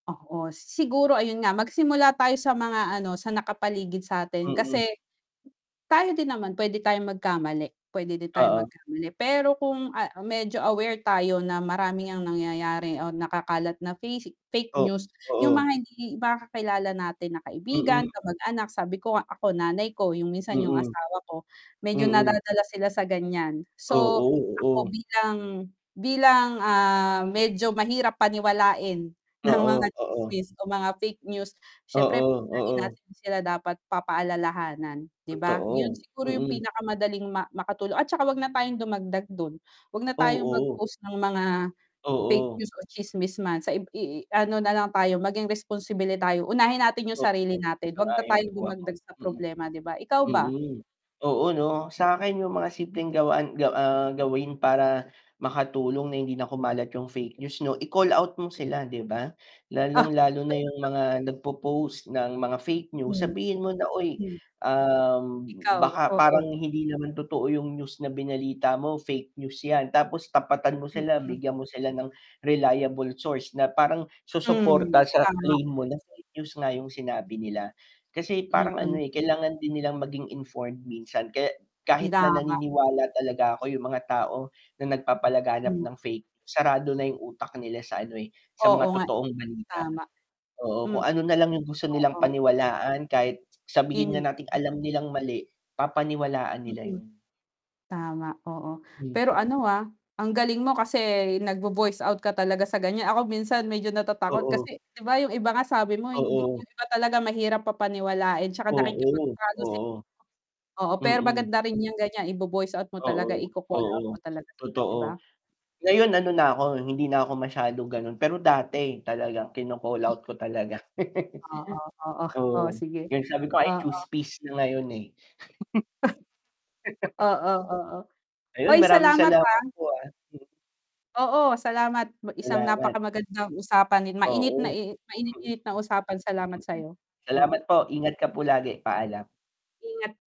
Oo, siguro ayun nga magsimula tayo sa mga ano, sa nakapaligid satin Mm. kasi tayo din naman pwede tayong magkamali, pwede din tayong Oo. magkamali. Pero kung, ah, medyo aware tayo na marami ang nangyayari o nakakalat na face fake Oh, news, 'yung mga oo. hindi mga kakilala natin na kaibigan, Mm. kamag-anak, sabi ko ako nanay ko, 'yung minsan 'yung Mm. asawa ko, medyo Mm. nadadala sila sa gan'yan. So, Oo, ako oo. bilang bilang, ah, medyo mahirap paniwalain ng mga Oo, oo. tsismis o mga fake news, syempre Oo, lagi oo. natin sila dapat pa-pa-alalahanan, 'di ba? 'Yun Totoo, siguro 'yung mm. pinakamadaling ma makatulong at tsaka h'wag na tayong dumagdag dun, h'wag na tayong Oo. mag-post ng mga fake Oo. news o tsismis man saib i i ano nalang tayo maging responsable tayo, unahin natin 'yung sarili Mm. natin, 'wag na Sang-ayon tayong po ako. dumagdag sa Mm. problema 'di ba, ikaw ba? Mm. Oo 'no, sakin yung mga simpleng gawain gaw, ah, gawin para makatulong na hindi na kumalat yung fake news 'no, i-call out mo sila 'di ba? Ah. Lalong lalo na yung mga nagpopost ng mga fake news, Hmm. sabihin mo na, "Uy, Hmm. ah, Ikaw, baka oo. parang hindi naman totoo yung news na binalita mo, fake news yan." Tapos tapatan mo sila, Mm. bigyan mo sila ng reliable source na parang susuporta Hmm, sa tama. claim mo na fake news nga yung sinabi nila. Kasi parang ano, Mm. eh, kailangan din nilang maging informed minsan, kaya kahit na Idama. naniniwala talaga ako yung mga tao na nagpapalaganap Hmm. ng fake news, sarado na yung utak nila sa ano eh, sa Oo mga nga eh, totoong balita. tama. Oo, Mm. kung ano nalang yung gusto nilang Oo. paniwalaan, kahit sabihin nga nating alam nilang mali, papaniwalaan nila Mm. yun. Tama, oo Hmm. pero ano, ah, ang galing mo kasi nag vo-voice out ka talaga sa gan'yan, ako minsan medyo natatakot Oo. kasi 'di ba, 'yung iba nga sabi mo hindi Oo. 'yung iba talaga mahirap pa paniwalain 'tsaka Oo, nakikipagtalo si oo. oo, pero Mm. maganda rin yung gan'yan, ibo-voice out mo talaga, Oo. i-ko-call out mo Oo, talaga sila, 'di ba? totoo, ngayon ano na ako, hindi na ako masyado gano'n pero dati talaga kino-call out ko talaga. Oo, oo. O Oo, sige, 'yon sabi ko, I choose oo. peace na ngayon eh. Oo, oo. Ayun Oy maraming salamat, ah. salamat po, ah. Oo salamat mu isang Salamat. napakamagandang usapan mainit Oo. nai mainit-init na usapan, salamat Mm. sayo. Mm. Salamat po, ingat ka po lagi, paalam. Ingat.